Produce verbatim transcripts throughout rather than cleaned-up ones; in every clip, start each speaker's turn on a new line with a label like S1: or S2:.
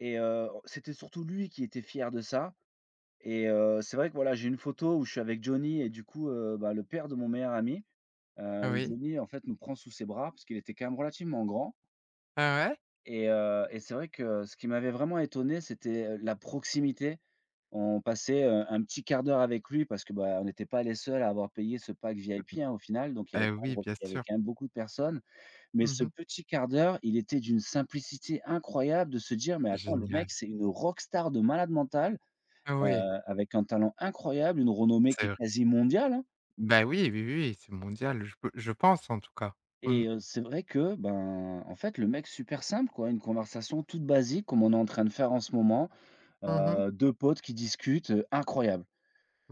S1: Et heu, c'était surtout lui qui était fier de ça et heu, c'est vrai que voilà, j'ai une photo où je suis avec Johnny et du coup, heu, bah, le père de mon meilleur ami, heu,
S2: Oh
S1: où
S2: oui.
S1: Johnny en fait nous prend sous ses bras, parce qu'il était quand même relativement grand
S2: Ah ouais?
S1: et heu et c'est vrai que ce qui m'avait vraiment étonné, c'était, heu, la proximité. On passait, heu, un petit quart d'heure avec lui, parce, bah, on était pas les seuls à avoir payé ce pack
S2: Heu,
S1: VIP, hein, au final. Donc il y
S2: mmh
S1: avait
S2: et oui
S1: [unintelligible]
S2: bien
S1: il y avait
S2: sûr.
S1: quand même beaucoup de personnes. Mais
S2: Mmh
S1: ce
S2: mh.
S1: petit quart d'heure, il était d'une simplicité incroyable. De se dire: «Mais attends, le mec,
S2: Génial.
S1: c'est une rock star de malade mental,
S2: Heu,
S1: heu,
S2: oui.
S1: avec un talent incroyable, une renommée qui
S2: C'est
S1: est
S2: vrai.
S1: quasi mondiale, hein»
S2: Bah oui, oui, oui, oui, c'est mondial, je pe je pense en tout cas,
S1: et
S2: mmh.
S1: heu, c'est vrai qu'en fait, le mec super simple quoi! Une conversation toute basique comme on est en train de faire en ce moment,
S2: Mmh mh.
S1: heu, deux potes qui discutent, heu, incroyable.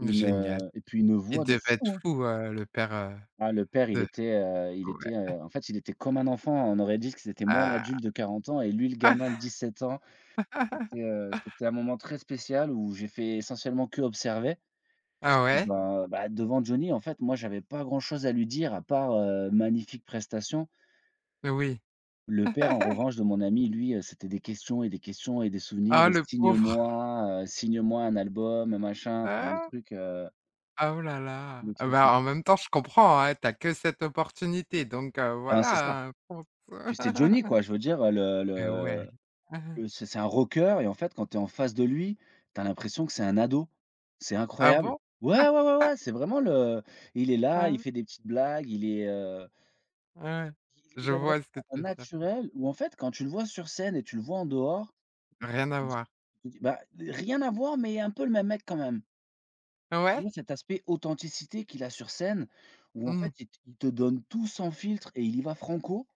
S1: Une, heu et puis une
S2: Il
S1: voix de
S2: devait être
S1: fou, hein!
S2: fou, heu, le père, heu,
S1: Ah le père, il
S2: de
S1: était, heu, il
S2: ouais.
S1: était, heu, en fait, il était comme un enfant. On aurait dit que c'était moi
S2: Ah!
S1: l'adulte de quarante ans et lui le
S2: Ah!
S1: gamin de dix sept ans. C'était, heu, c'était un moment très spécial où j'ai fait essentiellement qu'observer.
S2: Ah
S1: Puisque
S2: ouais?
S1: bah bah, devant Johnny en fait, moi j'avais pas grand-chose à lui dire à part, heu, magnifique prestation
S2: Beh oui.
S1: le père en revanche de mon ami, lui, heu, c'était des questions et des questions et des souvenirs
S2: Oh,
S1: et:
S2: le pauvre!
S1: «Signe-moi, heu, signe-moi un album, heu, machin enfin», le
S2: Ah!
S1: truc heu
S2: Ah, oh là là!
S1: le
S2: Heu,
S1: truc, hein
S2: bah, en même temps, je comprends, hein, tu as que cette opportunité, donc heu,
S1: Ben, c'est ça,
S2: voilà hein, je pense.
S1: puis c'est Johnny quoi! Je veux dire, heu le
S2: Et ouais.
S1: le le c'est c'est un rockeur et en fait quand tu es en face de lui, tu as l'impression que c'est un ado. C'est
S2: Ah
S1: incroyable.
S2: bon?
S1: Ouais, ouais, ouais, ouais, c'est vraiment le il est là, il
S2: Ouais.
S1: fait des petites blagues, il est, heu
S2: Ouais,
S1: il
S2: je
S1: il est vraiment
S2: vois ce que tu veux dire. Mmh.
S1: naturel, où en fait quand tu le vois sur scène et tu le vois en dehors
S2: Rien à
S1: et
S2: voir.
S1: [unintelligible] bah rien à voir, mais un peu le même mec quand même
S2: Ouais.
S1: mais cet aspect authenticité qu'il a sur scène où en fait
S2: Mmh.
S1: il te il te donne tout son filtre et il y va franco